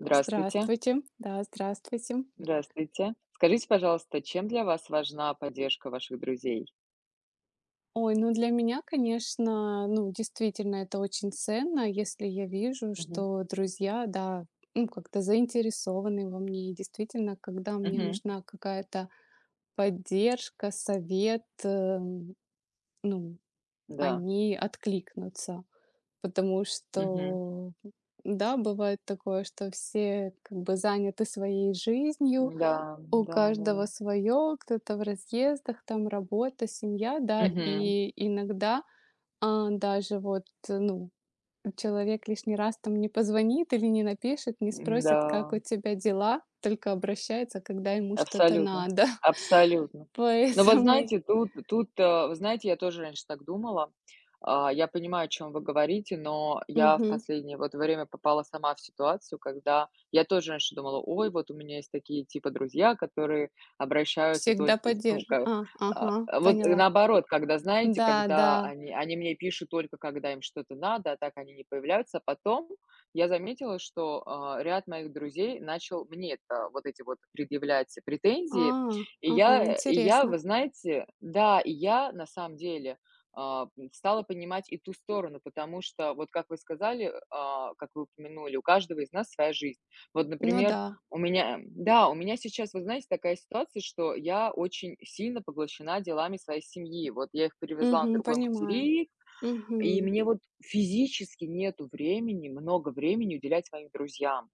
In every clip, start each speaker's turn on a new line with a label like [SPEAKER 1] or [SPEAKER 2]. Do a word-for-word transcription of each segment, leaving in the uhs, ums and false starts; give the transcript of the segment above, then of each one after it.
[SPEAKER 1] Здравствуйте.
[SPEAKER 2] Здравствуйте, да, здравствуйте.
[SPEAKER 1] Здравствуйте. Скажите, пожалуйста, чем для вас важна поддержка ваших друзей?
[SPEAKER 2] Ой, ну для меня, конечно, ну, действительно, это очень ценно, если я вижу,
[SPEAKER 1] Мгм.
[SPEAKER 2] что друзья, да, ну, как-то заинтересованы во мне. И действительно, когда мне
[SPEAKER 1] Мгм.
[SPEAKER 2] нужна какая-то поддержка, совет, э, ну,
[SPEAKER 1] Да.
[SPEAKER 2] они откликнутся. Потому
[SPEAKER 1] Мгм.
[SPEAKER 2] что, да, бывает такое, что все как бы заняты своей жизнью,
[SPEAKER 1] Да.
[SPEAKER 2] у каждого
[SPEAKER 1] Да-да-да.
[SPEAKER 2] своё, кто-то в разъездах, там работа, семья, да.
[SPEAKER 1] Мгм.
[SPEAKER 2] И иногда, а, даже вот, ну, э, человек лишний раз, там, не позвонит, или не напишет, не
[SPEAKER 1] М,
[SPEAKER 2] спросит, как
[SPEAKER 1] да.
[SPEAKER 2] у тебя дела, только обращается, когда ему что-то
[SPEAKER 1] Абсолютно,
[SPEAKER 2] надо.
[SPEAKER 1] абсолютно. Но вот
[SPEAKER 2] Поэтому й
[SPEAKER 1] знаете, тут, тут, э, вы знаете, я тоже раньше так думала. А, я понимаю, о чём вы говорите, но я в
[SPEAKER 2] Мгм.
[SPEAKER 1] последнее, вот, время попала сама в ситуацию, когда я тоже раньше думала: ой, вот у меня есть такие, типа, друзья, которые обращаются
[SPEAKER 2] Всегда
[SPEAKER 1] только с ну
[SPEAKER 2] поддержив
[SPEAKER 1] как,
[SPEAKER 2] а,
[SPEAKER 1] а,
[SPEAKER 2] ага,
[SPEAKER 1] а, вот
[SPEAKER 2] поняла.
[SPEAKER 1] наоборот, когда знаете,
[SPEAKER 2] Да,
[SPEAKER 1] когда
[SPEAKER 2] да.
[SPEAKER 1] они они мне пишут только когда им что-то надо, а так они не появляются. Потом я заметила, что, а, ряд моих друзей начал мне, это, вот эти вот предъявлять претензии.
[SPEAKER 2] А,
[SPEAKER 1] И
[SPEAKER 2] ага,
[SPEAKER 1] я, и я, вы
[SPEAKER 2] интересно.
[SPEAKER 1] знаете, да, и я, на самом деле, э, м, стала понимать и ту сторону, потому что, вот как вы сказали, а, как вы упомянули, у каждого из нас своя жизнь. Вот,
[SPEAKER 2] Ну
[SPEAKER 1] например,
[SPEAKER 2] да.
[SPEAKER 1] у меня... Эм, да, у меня сейчас, вы знаете, такая ситуация, что я очень сильно поглощена делами своей семьи. Вот я их привезла на
[SPEAKER 2] Мгм,
[SPEAKER 1] другой
[SPEAKER 2] понимаю.
[SPEAKER 1] материк, и
[SPEAKER 2] Мгм.
[SPEAKER 1] мне вот физически нету времени, много времени уделять своим друзьям.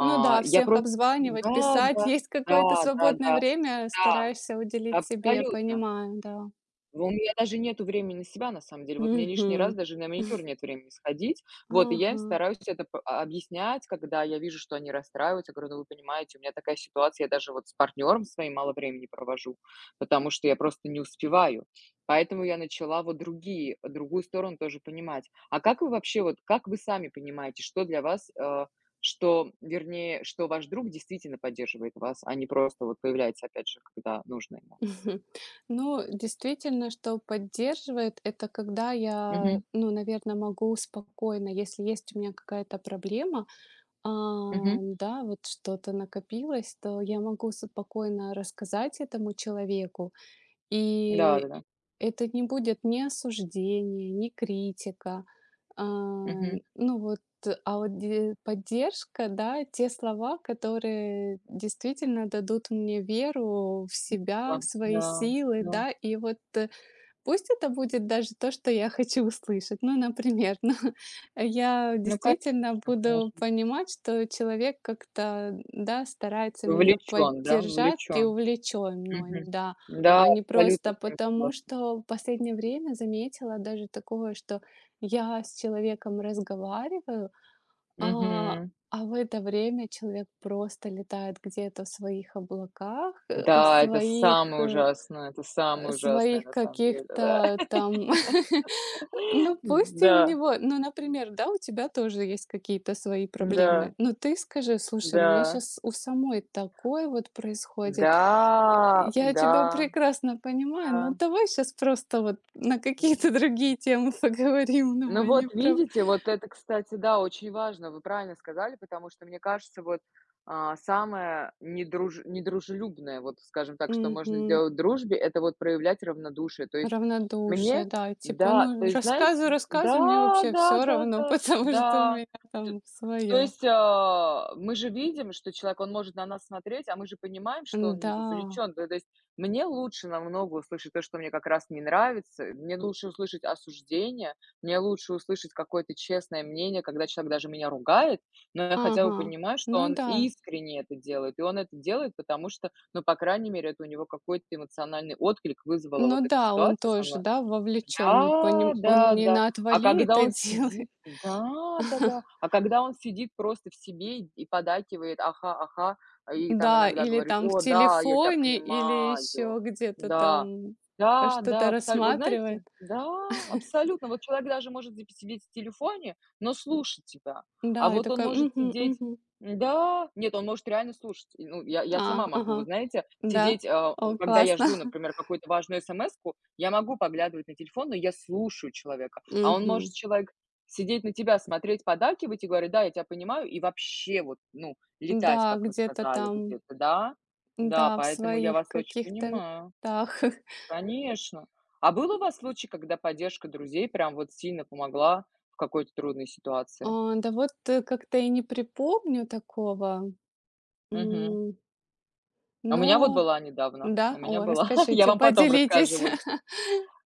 [SPEAKER 2] Ну да,
[SPEAKER 1] я
[SPEAKER 2] всех
[SPEAKER 1] про
[SPEAKER 2] обзванивать,
[SPEAKER 1] Да,
[SPEAKER 2] писать.
[SPEAKER 1] да,
[SPEAKER 2] Есть какое-то
[SPEAKER 1] да,
[SPEAKER 2] свободное
[SPEAKER 1] да-да,
[SPEAKER 2] время.
[SPEAKER 1] да,
[SPEAKER 2] Стараешься уделить себе.
[SPEAKER 1] абсолютно.
[SPEAKER 2] Понимаю, да.
[SPEAKER 1] У меня даже нету времени на себя, на самом деле. Вот мне лишний раз
[SPEAKER 2] Мгм.
[SPEAKER 1] даже на маникюр нет времени сходить. Вот, и я им
[SPEAKER 2] Ага.
[SPEAKER 1] стараюсь это по объяснять, когда я вижу, что они расстраиваются. Я говорю: "Ну, вы понимаете, у меня такая ситуация, я даже вот с партнёром своим мало времени провожу, потому что я просто не успеваю". Поэтому я начала, вот, другие другую сторону тоже понимать. А как вы вообще, вот, как вы сами понимаете, что для вас, э, что, вернее, что ваш друг действительно поддерживает вас, а не просто, вот, появляется опять же, когда нужно ему?
[SPEAKER 2] Но действительно, что поддерживает это когда я,
[SPEAKER 1] Мгм.
[SPEAKER 2] ну, наверно, могу спокойно, если есть у меня какая-то проблема, э,
[SPEAKER 1] Мгм.
[SPEAKER 2] да, вот что-то накопилось, то я могу спокойно рассказать этому человеку. И
[SPEAKER 1] Да-да-да.
[SPEAKER 2] это не будет ни осуждение, ни критика. А,
[SPEAKER 1] Мгм.
[SPEAKER 2] ну вот, а вот де поддержка, да, те слова, которые действительно дадут мне веру в себя, в
[SPEAKER 1] [unintelligible]
[SPEAKER 2] свои
[SPEAKER 1] Да.
[SPEAKER 2] силы,
[SPEAKER 1] Да.
[SPEAKER 2] да. И вот пусть это будет даже то, что я хочу услышать. Ну, например, ну я
[SPEAKER 1] Ну конечно,
[SPEAKER 2] действительно буду
[SPEAKER 1] конечно.
[SPEAKER 2] понимать, что человек как-то, да, старается меня
[SPEAKER 1] Вовлечён, да?
[SPEAKER 2] поддержать, и
[SPEAKER 1] Вовлечён.
[SPEAKER 2] увлечён мной,
[SPEAKER 1] Мгм.
[SPEAKER 2] да.
[SPEAKER 1] Да,
[SPEAKER 2] А не
[SPEAKER 1] абсолютно
[SPEAKER 2] просто
[SPEAKER 1] с вами
[SPEAKER 2] потому,
[SPEAKER 1] согласна.
[SPEAKER 2] что В последнее время заметила даже такое, что я с человеком разговариваю, а,
[SPEAKER 1] Мгм.
[SPEAKER 2] а, в это время человек просто летает где-то в своих облаках, э, в
[SPEAKER 1] Да, это
[SPEAKER 2] своих,
[SPEAKER 1] самое
[SPEAKER 2] э,
[SPEAKER 1] ужасное. Это
[SPEAKER 2] э,
[SPEAKER 1] самое ужасное
[SPEAKER 2] своих
[SPEAKER 1] на самом деле. Да.
[SPEAKER 2] каких-то там. Э, ну пусть и у
[SPEAKER 1] Н-да.
[SPEAKER 2] него. Ну например, да, у тебя тоже есть какие-то свои
[SPEAKER 1] Н-да.
[SPEAKER 2] проблемы. Но ты скажи: "Слушай, у меня
[SPEAKER 1] Да.
[SPEAKER 2] щас у самой такое вот происходит.
[SPEAKER 1] Да.
[SPEAKER 2] Я тебя
[SPEAKER 1] Да.
[SPEAKER 2] прекрасно понимаю, но
[SPEAKER 1] Да.
[SPEAKER 2] давай щас просто, вот, на какие-то
[SPEAKER 1] М.
[SPEAKER 2] другие темы поговорим".
[SPEAKER 1] Ну
[SPEAKER 2] Давай не
[SPEAKER 1] вот
[SPEAKER 2] про
[SPEAKER 1] видите, вот это, кстати, да, очень важно. Вы правильно сказали, потому что, мне кажется, вот, а, самое недруж недружелюбное, вот, скажем так, что можно
[SPEAKER 2] Мгм.
[SPEAKER 1] сделать в дружбе- это вот проявлять равнодушие. То есть, мне
[SPEAKER 2] Равнодушие, да, типа:
[SPEAKER 1] да. То
[SPEAKER 2] "Ну и
[SPEAKER 1] есть,
[SPEAKER 2] рассказывай,
[SPEAKER 1] знаете,
[SPEAKER 2] рассказывай, мне
[SPEAKER 1] да!
[SPEAKER 2] вообще
[SPEAKER 1] Да
[SPEAKER 2] всё
[SPEAKER 1] да
[SPEAKER 2] равно,
[SPEAKER 1] да
[SPEAKER 2] потому что у
[SPEAKER 1] да!
[SPEAKER 2] меня
[SPEAKER 1] Т
[SPEAKER 2] там
[SPEAKER 1] то
[SPEAKER 2] своё".
[SPEAKER 1] есть, а, мы же видим, что человек, он может на нас смотреть, а мы же понимаем, что он не
[SPEAKER 2] Н-да.
[SPEAKER 1] вовлечён. То то есть, мне лучше намного услышать то, что мне как раз не нравится. Э, мне лучше услышать осуждение. Мне лучше услышать какое-то честное мнение, когда человек даже меня ругает, но я хотя бы
[SPEAKER 2] Ага,
[SPEAKER 1] понимаю, что
[SPEAKER 2] ну
[SPEAKER 1] он
[SPEAKER 2] да.
[SPEAKER 1] искренне это делает. И он это делает, потому что, ну, по крайней мере, это у него какой-то эмоциональный отклик вызвала вот
[SPEAKER 2] Ну
[SPEAKER 1] эта
[SPEAKER 2] да, он
[SPEAKER 1] ситуация со
[SPEAKER 2] тоже,
[SPEAKER 1] мной.
[SPEAKER 2] да, вовлечён,
[SPEAKER 1] Да,
[SPEAKER 2] поне он
[SPEAKER 1] да,
[SPEAKER 2] не
[SPEAKER 1] да.
[SPEAKER 2] на
[SPEAKER 1] А
[SPEAKER 2] отвали
[SPEAKER 1] когда
[SPEAKER 2] это
[SPEAKER 1] он
[SPEAKER 2] делает.
[SPEAKER 1] сидит, да, да, да, а когда он сидит просто в себе и поддакивает: "Ага, ага". А, и там
[SPEAKER 2] Да,
[SPEAKER 1] иногда
[SPEAKER 2] или,
[SPEAKER 1] говорит:
[SPEAKER 2] там, в
[SPEAKER 1] "О да, я тя
[SPEAKER 2] телефоне, или
[SPEAKER 1] понимаю!"
[SPEAKER 2] ещё где-то
[SPEAKER 1] Да.
[SPEAKER 2] там, э,
[SPEAKER 1] Да, да,
[SPEAKER 2] что-то
[SPEAKER 1] абсолютно. Вот знаете,
[SPEAKER 2] рассматривает.
[SPEAKER 1] да, абсолютно. Вот человек даже может вз сидеть в телефоне, но слушать тебя. А
[SPEAKER 2] Да, и
[SPEAKER 1] вот он
[SPEAKER 2] такая:
[SPEAKER 1] может
[SPEAKER 2] "Мгм,
[SPEAKER 1] сидеть.
[SPEAKER 2] мгм".
[SPEAKER 1] Н-да. Нет, он может реально слушать. И ну, я, я
[SPEAKER 2] А,
[SPEAKER 1] сама могу, вот
[SPEAKER 2] ага.
[SPEAKER 1] знаете,
[SPEAKER 2] Да.
[SPEAKER 1] сидеть, а а
[SPEAKER 2] О,
[SPEAKER 1] когда я
[SPEAKER 2] классно.
[SPEAKER 1] жду, например, какую-то важную смску, я могу поглядывать на телефон, но я слушаю человека. А он
[SPEAKER 2] Мгм.
[SPEAKER 1] может человек сидеть на тебя смотреть, поддакивать и говорить: "Да, я тя понимаю". И вообще, вот, ну, летать,
[SPEAKER 2] Н-да,
[SPEAKER 1] как вы
[SPEAKER 2] где-то
[SPEAKER 1] сказали
[SPEAKER 2] там.
[SPEAKER 1] где-то, да. Да,
[SPEAKER 2] Да, в
[SPEAKER 1] поэтому я
[SPEAKER 2] своих
[SPEAKER 1] вас очень
[SPEAKER 2] каких-то
[SPEAKER 1] понимаю.
[SPEAKER 2] местах.
[SPEAKER 1] Конечно. А был у вас случай, когда поддержка друзей прям вот сильно помогла в какой-то трудной ситуации?
[SPEAKER 2] А, да вот как-то и не припомню такого.
[SPEAKER 1] Мгм.
[SPEAKER 2] М.
[SPEAKER 1] А у меня вот
[SPEAKER 2] Но
[SPEAKER 1] была недавно, у
[SPEAKER 2] Да?
[SPEAKER 1] меня
[SPEAKER 2] О,
[SPEAKER 1] была, я
[SPEAKER 2] расскажите,
[SPEAKER 1] вам потом расскажу,
[SPEAKER 2] поделитесь.
[SPEAKER 1] вон.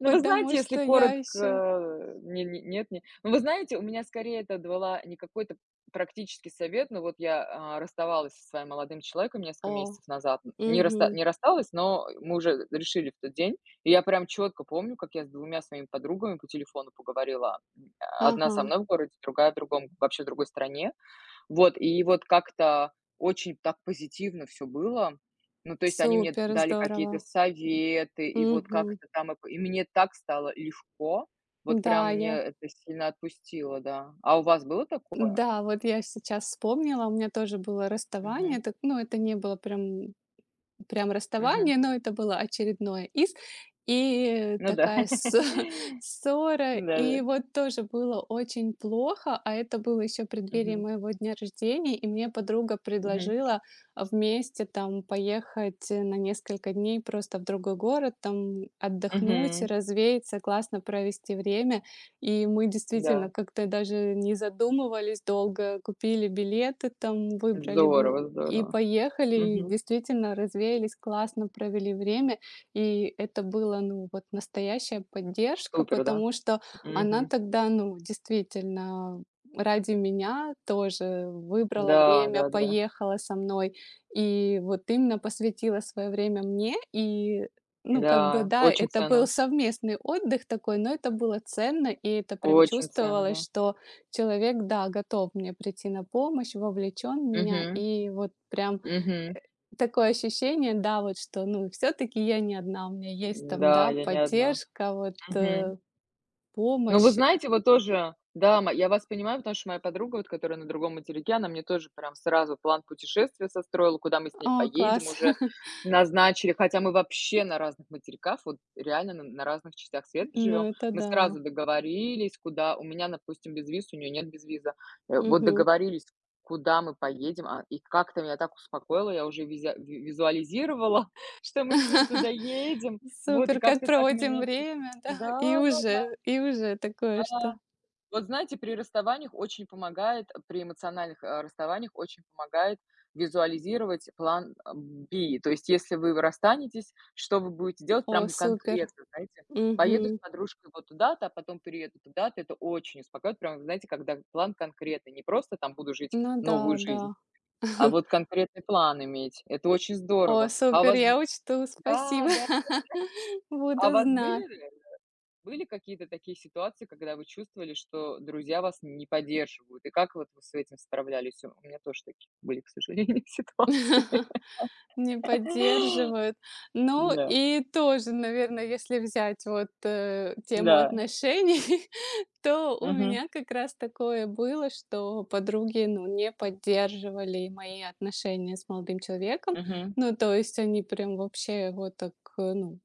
[SPEAKER 1] Ну, вы знаете,
[SPEAKER 2] Потому
[SPEAKER 1] если
[SPEAKER 2] что я ещё
[SPEAKER 1] коротко, ни ни нет, не. Ну, вы знаете, у меня скорее это давала не какой-то практический совет. Ну, вот я, э, расставалась со своим молодым человеком несколько
[SPEAKER 2] О.
[SPEAKER 1] месяцев назад. Н не раст
[SPEAKER 2] Мгм.
[SPEAKER 1] не рассталась, но, э, мы уже решили в тот день. И я прям чётко помню, как я с двумя своими подругами по телефону поговорила. М, одна со
[SPEAKER 2] Ага.
[SPEAKER 1] мной в городе, другая в другом, вообще в другой стране. Вот, и вот как-то очень так позитивно всё было. Ну, то есть, они мне
[SPEAKER 2] Супер,
[SPEAKER 1] дали какие-то
[SPEAKER 2] здорово.
[SPEAKER 1] советы, и вот
[SPEAKER 2] Мгм.
[SPEAKER 1] как-то там и п и мне так стало легко. Вот прям
[SPEAKER 2] Да,
[SPEAKER 1] мне
[SPEAKER 2] я
[SPEAKER 1] это сильно отпустило, да. А у вас было такое?
[SPEAKER 2] Да, вот я сейчас вспомнила, у меня тоже было расставание.
[SPEAKER 1] Мгм.
[SPEAKER 2] Это, ну, это не было прям прям
[SPEAKER 1] Мгм.
[SPEAKER 2] расставание, но это было очередное из, и
[SPEAKER 1] Ну да.
[SPEAKER 2] такая с ссора.
[SPEAKER 1] Да-да-да.
[SPEAKER 2] И вот тоже было очень плохо. А это было ещё в преддверии
[SPEAKER 1] Мгм.
[SPEAKER 2] моего дня рождения. И мне подруга
[SPEAKER 1] Мгм.
[SPEAKER 2] предложила, э, вместе, там, поехать на несколько дней просто в другой город, там, отдохнуть,
[SPEAKER 1] Мгм.
[SPEAKER 2] развеяться, классно провести время. И мы действительно
[SPEAKER 1] Да.
[SPEAKER 2] как-то даже не задумывались долго, купили билеты, там, выбрали в
[SPEAKER 1] Здорово,
[SPEAKER 2] и
[SPEAKER 1] здорово.
[SPEAKER 2] поехали. И
[SPEAKER 1] Мгм.
[SPEAKER 2] действительно, развеялись, классно провели время. И это было, ну вот, настоящая поддержка,
[SPEAKER 1] Супер, да.
[SPEAKER 2] потому что она
[SPEAKER 1] Мгм.
[SPEAKER 2] тогда, ну, действительно, ради меня тоже выбрала
[SPEAKER 1] Да,
[SPEAKER 2] время,
[SPEAKER 1] да, да.
[SPEAKER 2] поехала со мной. И вот именно посвятила своё время мне. И ну, как бы
[SPEAKER 1] Да,
[SPEAKER 2] да,
[SPEAKER 1] очень
[SPEAKER 2] это был
[SPEAKER 1] ценно.
[SPEAKER 2] совместный отдых такой, но это было ценно, и это прям
[SPEAKER 1] Очень ценно,
[SPEAKER 2] чувствовалось,
[SPEAKER 1] да.
[SPEAKER 2] что человек, да, готов мне прийти на помощь, вовлечён в меня.
[SPEAKER 1] Мгм.
[SPEAKER 2] И вот прям,
[SPEAKER 1] Мгм.
[SPEAKER 2] э, такое ощущение, да вот, что ну всё-таки я не одна, у меня есть там,
[SPEAKER 1] Н-да,
[SPEAKER 2] да,
[SPEAKER 1] я не одна.
[SPEAKER 2] поддержка, вот,
[SPEAKER 1] Мгм.
[SPEAKER 2] э,
[SPEAKER 1] Ну, вы
[SPEAKER 2] помощь.
[SPEAKER 1] знаете, вот тоже да, ма я вас понимаю, потому что моя подруга, вот которая на другом материке, она мне тоже, прям, сразу план путешествия состроила, куда мы с ней
[SPEAKER 2] О,
[SPEAKER 1] поедем
[SPEAKER 2] класс.
[SPEAKER 1] уже назначили. Хотя мы вообще на разных материках, вот реально на на разных частях света
[SPEAKER 2] Ну
[SPEAKER 1] живём.
[SPEAKER 2] это
[SPEAKER 1] Мы
[SPEAKER 2] да.
[SPEAKER 1] сразу договорились, куда. У меня, допустим, безвиз, у неё нет безвиза. Э, вот
[SPEAKER 2] Мгм.
[SPEAKER 1] договорились, куда мы поедем, а, и как-то меня так успокоило, я уже визя э, в визуализировала, что мы с ней туда едем, вот, и
[SPEAKER 2] Супер, как
[SPEAKER 1] как-то так
[SPEAKER 2] проводим
[SPEAKER 1] меня тут.
[SPEAKER 2] время, да, и
[SPEAKER 1] Да, да.
[SPEAKER 2] уже, и уже такое
[SPEAKER 1] Да.
[SPEAKER 2] что
[SPEAKER 1] Вот, знаете, при расставаниях очень помогает, э, при эмоциональных, э, расставаниях очень помогает визуализировать план, а, B. То есть, если вы, вы расстанетесь, что вы будете делать, прям
[SPEAKER 2] О,
[SPEAKER 1] вот
[SPEAKER 2] супер.
[SPEAKER 1] конкретно, знаете, поеду с
[SPEAKER 2] Мгм.
[SPEAKER 1] подружкой вот туда-то, а потом перееду туда-то. Это очень успокаивает, прям вот знаете, когда план конкретный, не просто, там, буду жить
[SPEAKER 2] Ну
[SPEAKER 1] новую
[SPEAKER 2] да,
[SPEAKER 1] жизнь,
[SPEAKER 2] да.
[SPEAKER 1] а вот конкретный план иметь. Это очень
[SPEAKER 2] О,
[SPEAKER 1] здорово. А у
[SPEAKER 2] супер,
[SPEAKER 1] вас? Да,
[SPEAKER 2] я учту,
[SPEAKER 1] да,
[SPEAKER 2] спасибо,
[SPEAKER 1] да. А у
[SPEAKER 2] буду
[SPEAKER 1] вас были
[SPEAKER 2] зна
[SPEAKER 1] реально, были какие-то такие ситуации, когда вы чувствовали, что друзья вас не поддерживают, и как вот вы с этим справлялись? У у меня тоже такие были, к сожалению, ситуации.
[SPEAKER 2] Не поддерживают. Ну
[SPEAKER 1] Да.
[SPEAKER 2] и тоже, наверно, если взять вот, э, тему
[SPEAKER 1] Да.
[SPEAKER 2] отношений, то у
[SPEAKER 1] Мгм.
[SPEAKER 2] меня как раз такое было, что подруги, ну, не поддерживали мои отношения с молодым человеком.
[SPEAKER 1] Мгм.
[SPEAKER 2] Ну то есть они прям вообще его так ну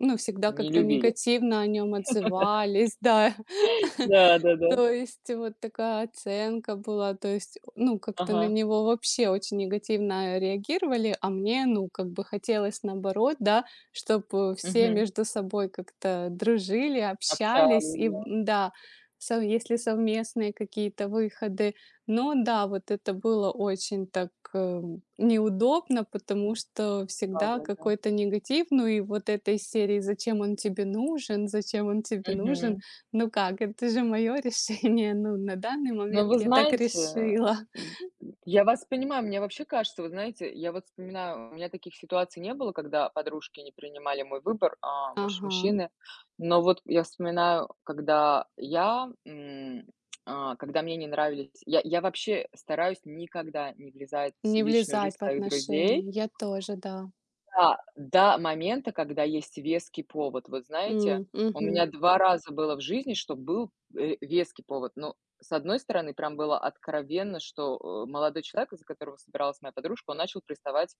[SPEAKER 2] Ну, всегда
[SPEAKER 1] Не
[SPEAKER 2] как-то
[SPEAKER 1] любили.
[SPEAKER 2] негативно о нём отзывались. Да.
[SPEAKER 1] Да-да-да.
[SPEAKER 2] То есть вот такая оценка была, то есть, э, ну как-то на
[SPEAKER 1] Ага.
[SPEAKER 2] него вообще очень негативно реагировали, а мне, ну как бы хотелось наоборот, да, чтобы все
[SPEAKER 1] Мгм.
[SPEAKER 2] между собой как-то дружили, общались.
[SPEAKER 1] Общались,
[SPEAKER 2] И б
[SPEAKER 1] да.
[SPEAKER 2] да, сов если совместные какие-то выходы, но да, вот это было очень так, э, неудобно, потому
[SPEAKER 1] М.
[SPEAKER 2] что всегда
[SPEAKER 1] Да-да-да.
[SPEAKER 2] какой-то негатив, ну и вот этой из серии: "Зачем он тебе нужен, зачем он тебе нужен?"
[SPEAKER 1] Мгм.
[SPEAKER 2] Ну как, это же моё решение, ну, на данный
[SPEAKER 1] Ну,
[SPEAKER 2] момент
[SPEAKER 1] вы
[SPEAKER 2] я так
[SPEAKER 1] знаете, э,
[SPEAKER 2] решила.
[SPEAKER 1] м, м, я вас понимаю. Мне вообще кажется, вот знаете, я вот вспоминаю, у меня таких ситуаций не было, когда подружки не принимали мой выбор, а, мущ
[SPEAKER 2] Ага.
[SPEAKER 1] мужчины. Но вот я вспоминаю, когда я, м, а, когда мне не нравились Я я вообще стараюсь никогда не влезать в
[SPEAKER 2] Не
[SPEAKER 1] личную
[SPEAKER 2] влезать
[SPEAKER 1] жизнь
[SPEAKER 2] в
[SPEAKER 1] своих друзей.
[SPEAKER 2] отношения. Я тоже, да.
[SPEAKER 1] Да, до момента, когда есть веский повод. Вот знаете,
[SPEAKER 2] М.
[SPEAKER 1] у
[SPEAKER 2] Мгм.
[SPEAKER 1] меня два раза было в жизни, что был, э, веский повод. Ну, с одной стороны, прям было откровенно, что, э, молодой человек, э, за которого собиралась моя подружка, он начал приставать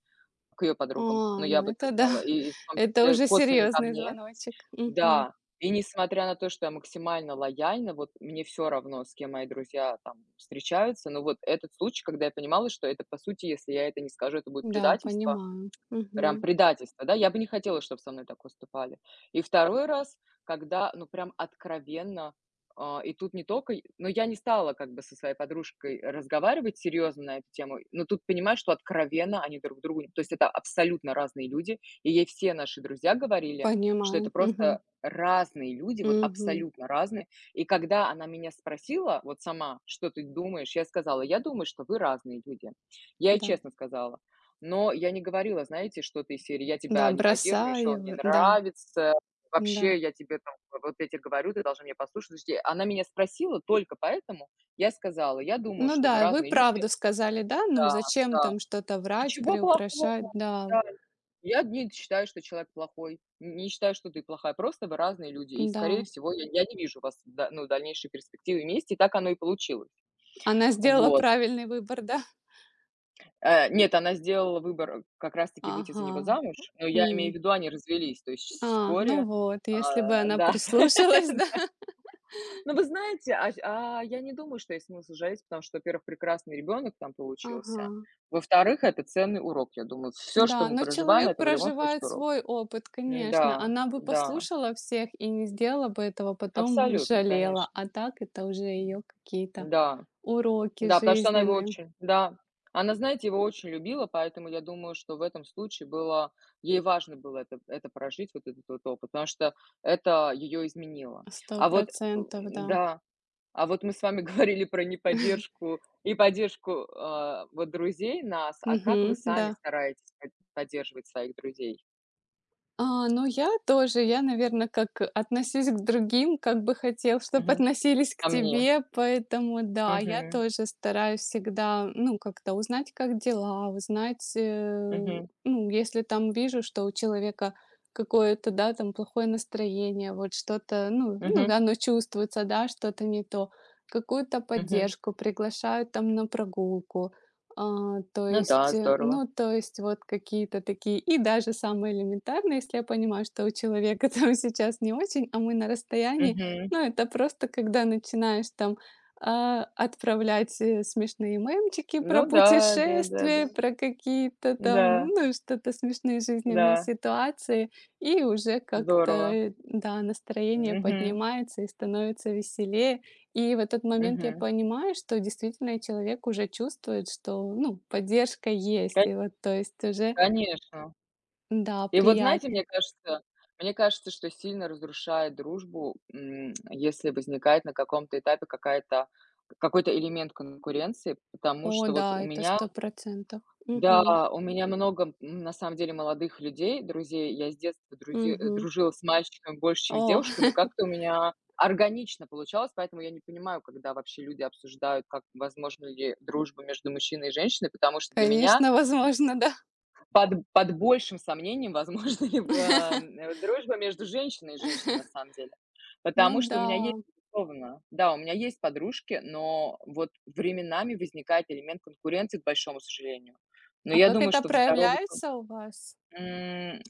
[SPEAKER 1] к её
[SPEAKER 2] А,
[SPEAKER 1] подругам. Ну, я об
[SPEAKER 2] ну
[SPEAKER 1] этом
[SPEAKER 2] это да,
[SPEAKER 1] знала. И, и в том
[SPEAKER 2] это
[SPEAKER 1] числе,
[SPEAKER 2] уже
[SPEAKER 1] косвенно ко
[SPEAKER 2] серьёзный
[SPEAKER 1] мне.
[SPEAKER 2] звоночек. Мгм.
[SPEAKER 1] Да, и несмотря на то, что я максимально лояльна, вот, мне всё равно, с кем мои друзья, там, встречаются. Но вот этот случай, когда я понимала, что это по сути, если я это не скажу, это будет
[SPEAKER 2] Да,
[SPEAKER 1] предательство,
[SPEAKER 2] понимаю.
[SPEAKER 1] прям
[SPEAKER 2] Мгм.
[SPEAKER 1] предательство, да, я бы не хотела, чтоб со мной так поступали. И второй раз, когда, ну, прям откровенно, э, и тут не тока й Ну, я не стала, как бы, со своей подружкой разговаривать серьёзно на эту тему, но тут понимаешь, что откровенно они друг другу н то есть, это абсолютно разные люди. И ей все наши друзья говорили, что это
[SPEAKER 2] Понимаю. Мгм.
[SPEAKER 1] просто разные люди, вот
[SPEAKER 2] Мгм.
[SPEAKER 1] абсолютно разные. И когда она меня спросила, вот сама: "Что ты думаешь?" Я сказала: "Я думаю, что вы разные люди". Я ей
[SPEAKER 2] Да.
[SPEAKER 1] честно сказала. Но я не говорила, знаете, что-то из серии: "Я
[SPEAKER 2] Да,
[SPEAKER 1] тебя не поддерживаю, ещё
[SPEAKER 2] бросай
[SPEAKER 1] он не
[SPEAKER 2] его, да.
[SPEAKER 1] нравится. Вообще
[SPEAKER 2] Н-да.
[SPEAKER 1] я тебе там, вот я те говорю, ты должна меня послушать". Слушайте, она меня спросила только поэтому. Я ей сказала: "Я думаю,
[SPEAKER 2] Ну
[SPEAKER 1] что вы
[SPEAKER 2] да, и вы
[SPEAKER 1] разные люди".
[SPEAKER 2] правду сказали, да? Ну
[SPEAKER 1] Да,
[SPEAKER 2] зачем
[SPEAKER 1] да.
[SPEAKER 2] там что-то врать,
[SPEAKER 1] Ничего плохого.
[SPEAKER 2] приукрашать? Да.
[SPEAKER 1] Да. Я не д считаю, что человек плохой, не считаю, что ты плохая, просто вы разные люди, и скорее
[SPEAKER 2] Да.
[SPEAKER 1] всего я, я не вижу вас, да ну, в дальнейшие перспективы вместе, так оно и получилось.
[SPEAKER 2] Она сделала
[SPEAKER 1] Вот.
[SPEAKER 2] правильный выбор, да?
[SPEAKER 1] Э, нет, она сделала выбор как раз таки выйти за него
[SPEAKER 2] Ага.
[SPEAKER 1] замуж, но я имею в
[SPEAKER 2] М.
[SPEAKER 1] виду, они развелись, то есть ч
[SPEAKER 2] А, ну
[SPEAKER 1] вскоре.
[SPEAKER 2] вот,
[SPEAKER 1] Э,
[SPEAKER 2] если бы
[SPEAKER 1] да.
[SPEAKER 2] она
[SPEAKER 1] Да.
[SPEAKER 2] прислушалась, да?
[SPEAKER 1] Да. Но вы знаете, а щ а, я не думаю, что есть смысл жалеть, потому что, во-первых, прекрасный ребёнок там получился.
[SPEAKER 2] Ага.
[SPEAKER 1] Во-вторых, это ценный урок, я думаю. Всё, что
[SPEAKER 2] Да,
[SPEAKER 1] мы
[SPEAKER 2] но
[SPEAKER 1] проживаем-
[SPEAKER 2] человек
[SPEAKER 1] это в любом
[SPEAKER 2] проживает
[SPEAKER 1] случае урок.
[SPEAKER 2] свой опыт, конечно.
[SPEAKER 1] Н-да,
[SPEAKER 2] Она бы
[SPEAKER 1] да.
[SPEAKER 2] послушала всех, и не сделала бы этого, потом бы
[SPEAKER 1] Абсолютно,
[SPEAKER 2] пожалела.
[SPEAKER 1] конечно.
[SPEAKER 2] А так это уже её какие-то
[SPEAKER 1] Да.
[SPEAKER 2] уроки
[SPEAKER 1] Да, потому что она его
[SPEAKER 2] жизненные.
[SPEAKER 1] очень да, она, знаете, его очень любила, поэтому я думаю, что в этом случае было ей важно было это это прожить, вот этот вот опыт, потому что это её изменило.
[SPEAKER 2] сто
[SPEAKER 1] А вот, э,
[SPEAKER 2] процентов, да.
[SPEAKER 1] да, а вот мы с вами говорили про неподдержку и поддержку, э, вот друзей нас. А как вы
[SPEAKER 2] Мгм.
[SPEAKER 1] сами
[SPEAKER 2] Да.
[SPEAKER 1] стараетесь под поддерживать своих друзей?
[SPEAKER 2] А, ну я тоже. Я, наверно, как, э, "относись к другим, как бы хотел, чтоб
[SPEAKER 1] Мгм.
[SPEAKER 2] относились к
[SPEAKER 1] А мне?
[SPEAKER 2] тебе", поэтому, да, я
[SPEAKER 1] Мгм.
[SPEAKER 2] тоже стараюсь всегда, ну, как-то узнать, как дела, узнать, э,
[SPEAKER 1] Мгм.
[SPEAKER 2] ну, если там вижу, что у человека какое-то, да там, плохое настроение, вот, что-то ну, ну,
[SPEAKER 1] Мгм.
[SPEAKER 2] оно чувствуется да, что-то не то. Какую-то
[SPEAKER 1] Мгм.
[SPEAKER 2] поддержку, приглашаю там на прогулку. А, то
[SPEAKER 1] Ну
[SPEAKER 2] есть,
[SPEAKER 1] да, здорово.
[SPEAKER 2] ну то есть, вот какие-то такие. И даже самое элементарное, если я понимаю, что у человека, там, сейчас не очень, а мы на расстоянии,
[SPEAKER 1] Мгм.
[SPEAKER 2] ну это просто когда начинаешь там, э, отправлять, э, смешные мемчики про
[SPEAKER 1] Ну да. Да, да, да.
[SPEAKER 2] путешествия, про какие-то там
[SPEAKER 1] Н-да.
[SPEAKER 2] ну и что-то смешные жизненные
[SPEAKER 1] Да.
[SPEAKER 2] ситуации, и уже как-то
[SPEAKER 1] Здорово.
[SPEAKER 2] и да настроение
[SPEAKER 1] Мгм.
[SPEAKER 2] поднимается и становится веселее. И в этот момент я
[SPEAKER 1] Мгм.
[SPEAKER 2] понимаю, что действительно, и человек уже чувствует, что, ну, поддержка есть.
[SPEAKER 1] Кань
[SPEAKER 2] И вот то есть уже.
[SPEAKER 1] Конечно.
[SPEAKER 2] Да,
[SPEAKER 1] И вот знаете,
[SPEAKER 2] приятнее.
[SPEAKER 1] мне кажется мне кажется, что сильно разрушает дружбу, м, если возникает на каком-то этапе какая-то какой-то элемент конкуренции, потому
[SPEAKER 2] О
[SPEAKER 1] что вот у
[SPEAKER 2] да, это
[SPEAKER 1] меня.
[SPEAKER 2] сто процентов. Мгм.
[SPEAKER 1] Да. У меня много, м, на самом деле, молодых людей, друзей. Я с детства друзи э,
[SPEAKER 2] Мгм.
[SPEAKER 1] дружила с мальчиками больше, чем с
[SPEAKER 2] О!
[SPEAKER 1] девушками. Как-то у меня органично получалось, поэтому я не понимаю, когда вообще люди обсуждают, как, возможна ли дружба между мужчиной и женщиной, потому что для меня
[SPEAKER 2] Конечно, возможно, да.
[SPEAKER 1] Под под большим сомнением возможна ли б эм, м, дружба между женщиной и женщиной, на самом деле. Потому
[SPEAKER 2] Ну
[SPEAKER 1] что у меня есть,
[SPEAKER 2] да.
[SPEAKER 1] безусловно. Да, у меня есть подружки, но вот временами возникает элемент конкуренции, к большому сожалению. Но
[SPEAKER 2] А
[SPEAKER 1] я
[SPEAKER 2] как
[SPEAKER 1] думаю,
[SPEAKER 2] это
[SPEAKER 1] что в здоровых, кон
[SPEAKER 2] проявляется у вас?
[SPEAKER 1] М,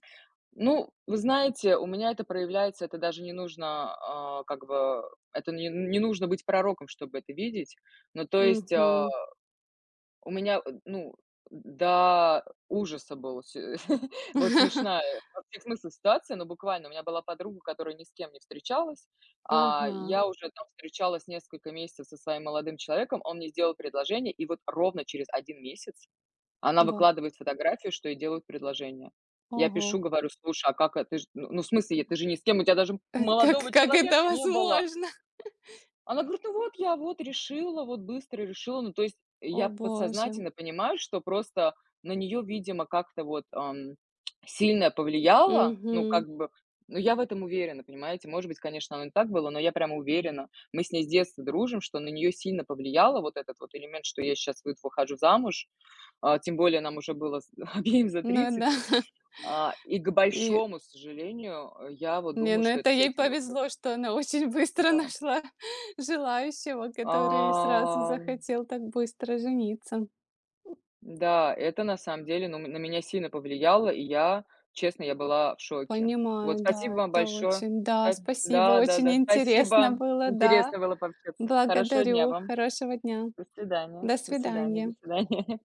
[SPEAKER 1] ну, вы знаете, у меня это проявляется, это даже не нужно, а, как бы, это не не нужно быть пророком, чтобы это видеть. Ну, то есть, э,
[SPEAKER 2] Мгм.
[SPEAKER 1] у меня, э, ну, до ужаса был, вот сё вот смешная во всех смыслах ситуация, ну буквально. У меня была подруга, которая ни с кем не встречалась, а
[SPEAKER 2] Ага.
[SPEAKER 1] я уже там встречалась несколько месяцев со своим молодым человеком, он мне сделал предложение, и вот ровно через один месяц она
[SPEAKER 2] Вау.
[SPEAKER 1] выкладывает фотографию, что ей делают предложение. Я пишу,
[SPEAKER 2] Ого.
[SPEAKER 1] говорю: "Слушай, а как это? Ты ж, ну, в смысле, е ты же ни с кем, у тя даже
[SPEAKER 2] Э, как
[SPEAKER 1] молодого
[SPEAKER 2] как это
[SPEAKER 1] человека не было!"
[SPEAKER 2] возможно?
[SPEAKER 1] Она говорит: "Ну, вот я, вот, решила, вот быстро решила". Ну, то есть,
[SPEAKER 2] О
[SPEAKER 1] я
[SPEAKER 2] боже.
[SPEAKER 1] подсознательно понимаю, что просто на неё видимо как-то вот, эм, сильно повлияло. Ну,
[SPEAKER 2] Мгм.
[SPEAKER 1] как бы, ну, я в этом уверена, понимаете. Может быть, конечно, оно не так было, но я прям уверена. Мы с ней с детства дружим, что на неё сильно повлияло, вот этот вот элемент, что я щас выд выхожу замуж. А, тем более нам уже было с обеим за
[SPEAKER 2] Ну да.
[SPEAKER 1] тридцать. А, и к
[SPEAKER 2] И
[SPEAKER 1] большому сожалению, я вот
[SPEAKER 2] Не,
[SPEAKER 1] думаю,
[SPEAKER 2] ну
[SPEAKER 1] что
[SPEAKER 2] это
[SPEAKER 1] это с
[SPEAKER 2] ей
[SPEAKER 1] этим было связано.
[SPEAKER 2] повезло, что она очень быстро
[SPEAKER 1] Да.
[SPEAKER 2] нашла желающего, который сразу
[SPEAKER 1] Ам.
[SPEAKER 2] захотел так быстро жениться.
[SPEAKER 1] Да, это на самом деле, ну, м, на меня сильно повлияло, и я, честно, я была в шоке. Вот,
[SPEAKER 2] Понимаю,
[SPEAKER 1] спасибо
[SPEAKER 2] да.
[SPEAKER 1] вам
[SPEAKER 2] Это
[SPEAKER 1] большое.
[SPEAKER 2] очень, да.
[SPEAKER 1] Да.
[SPEAKER 2] Спасибо, очень
[SPEAKER 1] Да-да-да,
[SPEAKER 2] интересно
[SPEAKER 1] спасибо!
[SPEAKER 2] было, да.
[SPEAKER 1] Интересно было пообщаться. Хорошего дня
[SPEAKER 2] Благодарю,
[SPEAKER 1] вам.
[SPEAKER 2] хорошего дня.
[SPEAKER 1] До свидания.
[SPEAKER 2] До
[SPEAKER 1] До свидания, до
[SPEAKER 2] свидания.
[SPEAKER 1] свидания.